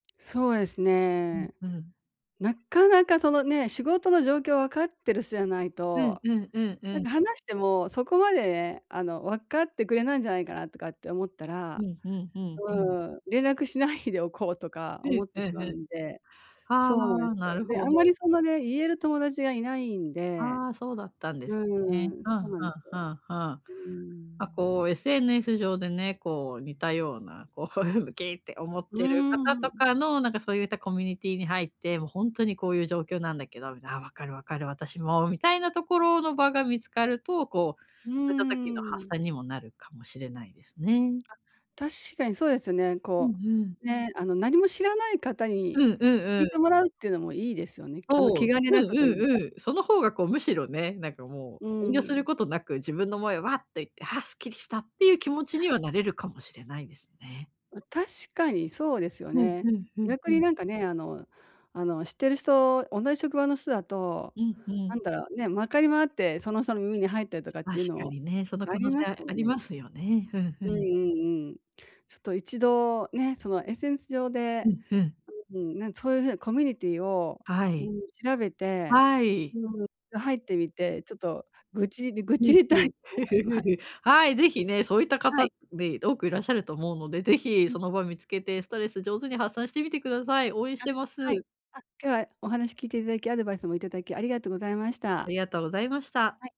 そうですうんね。うん。なかなかそのね、仕事の状況わかってる人じゃないうんと、うんうんうなんん。か話してもそこまでね、あの、わかってくれないんじゃないかなとかって思ったうら、んうんうんううん。ーん、連絡しないでおこうとかう思んってうしんまううん。んで、あそうなんえあ、すよ。なるで、あほんまど。りそのね、言える友達がいないんで、ああ、そうだったんでうすーね。ん、はそなあんではすあよ。はあはあ。うーあ、ん。こう SNS 上でね、こう似たような、こう、ウキーって思っうーてる方とん。かのなんかそうゆったコミュニティに入って「もうほんとにこういう状況なんだけど『ああ、わかる、わかる、私も』」みたいなところの場が見つかると、こううーそいった時の発ん。散にもなるかもしれないですね。あ、確かにそうですよね。うん、こふん。う、ね、あの、何も知らない方にうんうん聞ういてん。もらうってのもいいですよね。あの、おお、う気ん兼ねなくとういんうか。うん。その方がこうむしろね、なんかもうう遠慮すん。ることなく自分の思いをわっと言って、ああすっきりしたっていう気持ちにはなれるかもしれないですね。あ、確かにそうですよふんね。ふんふん逆ふん。になんかね、あのあの、知ってる人同じ職場の人だと、うんうなん。んだろうね、回り回ってその人の耳に入ったりとかっ確ていうのかもにね、そのあ可能ります性もあのりまね。すよね。ふんふうんうん。んうん。ちょっと一度ね、その、SNS 上ふでんふん。うーん、なんそういう風なコミュニティを、はうーん、い。調べて、はうい。ーん、ろ入ってみて、ちょっと愚痴る愚うん痴りたういん。と思いま はい、ぜひね、そういった方はっい。で多くいらっしゃると思うので、ぜひその場見つけてストレス上手に発散してみてください。応援しあ、てまはい。す。あ、今日はお話聞いていただき、アドバイスもいただきありがとうございましあた。りがとうございました。はい。